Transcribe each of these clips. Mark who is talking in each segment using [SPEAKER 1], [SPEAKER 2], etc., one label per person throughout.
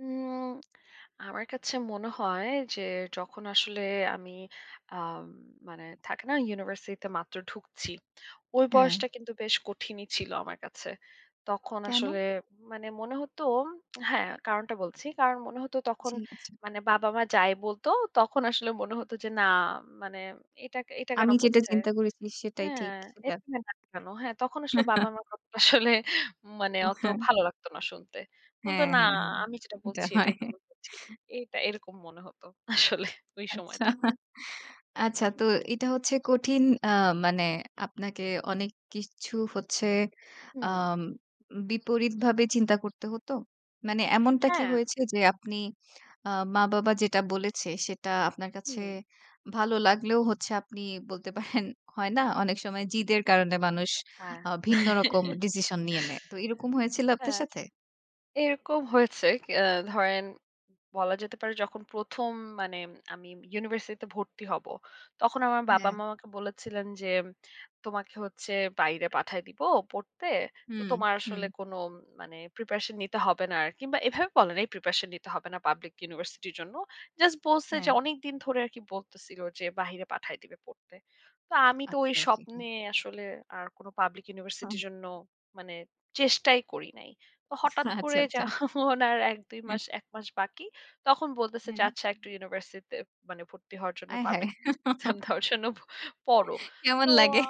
[SPEAKER 1] উম আমার কাছে মনে হয় যে, যখন আসলে আমি আ মানে থাকে না ইউনিভার্সিটিতে মাত্র ঢুকছি। ওই
[SPEAKER 2] হ্যাঁ।
[SPEAKER 1] বয়সটা কিন্তু বেশ কঠিনই ছিল আমার কাছে। তখন
[SPEAKER 2] কেন?
[SPEAKER 1] আসলে মানে মনে হত, হ্যাঁ, কারণটা বলছি। কারণ মনে হতো তখন
[SPEAKER 2] জি, জি।
[SPEAKER 1] মানে বাবা মা যাই বলতো, তখন আসলে মনে হত যে না মানে এটা এটা কেন
[SPEAKER 2] আমি যেটা
[SPEAKER 1] বলছে?
[SPEAKER 2] চিন্তা করেছি সেটাই
[SPEAKER 1] হ্যাঁ,
[SPEAKER 2] ঠিক ছিল।
[SPEAKER 1] [unintelligible] কেন? হ্যাঁ তখন আসল বাবা আমার কথাটা আসলে মানে,
[SPEAKER 2] ও
[SPEAKER 1] অত
[SPEAKER 2] হ্যাঁ।
[SPEAKER 1] ভালো লাগতো না শুনতে। মনে হতো
[SPEAKER 2] হ্যাঁ,
[SPEAKER 1] না
[SPEAKER 2] হ্যাঁ, হ্যাঁ
[SPEAKER 1] আমি যেটা
[SPEAKER 2] এটা
[SPEAKER 1] বলছি
[SPEAKER 2] হয়।
[SPEAKER 1] এটাই মূলত ঠিক। এটা এরকম মনে হত আসলে ওই
[SPEAKER 2] আচ্ছা।
[SPEAKER 1] সময়টা। হু,
[SPEAKER 2] আচ্ছা
[SPEAKER 1] হু।
[SPEAKER 2] তো এটা হচ্ছে কঠিন আ মানে আপনাকে অনেক কিছু হচ্ছে
[SPEAKER 1] হুম।
[SPEAKER 2] আম বিপরীতভাবে চিন্তা করতে হতো? মানে এমনটা কি
[SPEAKER 1] হ্যাঁ।
[SPEAKER 2] হয়েছে যে, আপনি আ মা বাবা যেটা বলেছে সেটা আপনার কাছে
[SPEAKER 1] হুম।
[SPEAKER 2] ভালো লাগলেও হচ্ছে আপনি বলতে পারেন, হয় না? অনেক সময় জিদের কারণে মানুষ
[SPEAKER 1] হ্যাঁ।
[SPEAKER 2] আ ভিন্ন রকম ডিসিশন নিয়ে নেয়। তো এরকম হয়েছিল আপনার
[SPEAKER 1] হ্যাঁ।
[SPEAKER 2] সাথে?
[SPEAKER 1] এরকম হয়েছে। আ ধরেন বলা যেতে পারে যখন প্রথম মানে আমি ইউনিভার্সিটিতে ভর্তি হব। তখন আমার বাবা
[SPEAKER 2] হ্যাঁ।
[SPEAKER 1] মা আমাকে বলেছিলেন যে তোমাকে হচ্ছে বাইরে পাঠায় দিব পড়তে। তো
[SPEAKER 2] হুম,
[SPEAKER 1] তোমার
[SPEAKER 2] হুম।
[SPEAKER 1] আসলে কোন মানে প্রিপারেশন নিতে হবে না আরকি। বা এভাবে বলে নাই প্রিপারেশন নিতে হবে না পাবলিক ইউনিভার্সিটির জন্য। জাস্ট বলছে যে
[SPEAKER 2] হ্যাঁ।
[SPEAKER 1] অনেকদিন ধরে আরকি বলতেছিল যে বাহিরে পাঠায় দিবে পড়তে। তো আমি তো ওই
[SPEAKER 2] আচ্ছা ওকে হ্যাঁ।
[SPEAKER 1] স্বপ্নে আসলে আর কোন পাবলিক
[SPEAKER 2] ওহ!
[SPEAKER 1] ইউনিভার্সিটির জন্য মানে, চেষ্টাই করি নাই। তো হঠাৎ করে
[SPEAKER 2] আচ্ছা, আচ্ছা।
[SPEAKER 1] যখন আর ১ ২
[SPEAKER 2] হু।
[SPEAKER 1] মাস, ১ মাস বাকি তখন বলতেছে যে
[SPEAKER 2] হুম।
[SPEAKER 1] আচ্ছা একটা ইউনিভার্সিটিতে মানে ভর্তি হওয়ার জন্য
[SPEAKER 2] আয় হায়!
[SPEAKER 1] পাবলিক এক্সাম দেওয়ার জন্য পড়ো।
[SPEAKER 2] কেমন
[SPEAKER 1] তো
[SPEAKER 2] লাগে?
[SPEAKER 1] আ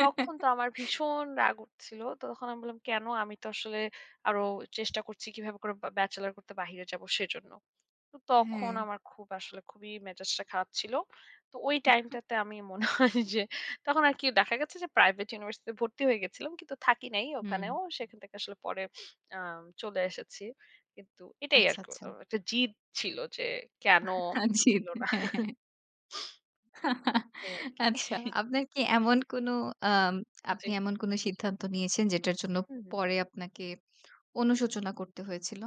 [SPEAKER 1] তখন তো আমার ভীষণ রাগ উঠছিল। তো তখন আমি বললাম কেন আমি তো আসলে আরো চেষ্টা করছি কিভাবে করে ব্যা ব্যাচেলর করতে বাহিরে যাব সেজন্য। তো তখন
[SPEAKER 2] হ্যাঁ।
[SPEAKER 1] আমার খুব আসলে খুবই মেজাজটা খারাপ ছিল। তো ওই টাইমটাতে আমি মনে হয় যে তখন আরকি দেখা গেছে যে প্রাইভেট ইউনিভার্সিটিতে ভর্তি হয়ে গেছিলাম। কিন্তু থাকি নাই
[SPEAKER 2] হুম।
[SPEAKER 1] ওখানেও। সেখান থেকে আসলে পরে আ চলে এসেছি। কিন্তু এটাই
[SPEAKER 2] আচ্ছা,
[SPEAKER 1] আরকি।
[SPEAKER 2] আচ্ছা।
[SPEAKER 1] একটা জিদ ছিল যে কেন
[SPEAKER 2] আজিব!
[SPEAKER 1] দিল না।
[SPEAKER 2] হ্যাঁ, হ্যাঁ।
[SPEAKER 1] এই আর কি।
[SPEAKER 2] আচ্ছা, আপনার কি এমন কোন আ
[SPEAKER 1] জি।
[SPEAKER 2] আপনি এমন কোন সিদ্ধান্ত নিয়েছেন যেটার জন্য
[SPEAKER 1] হু, হু।
[SPEAKER 2] পরে আপনাকে অনুশোচনা করতে হয়েছিল?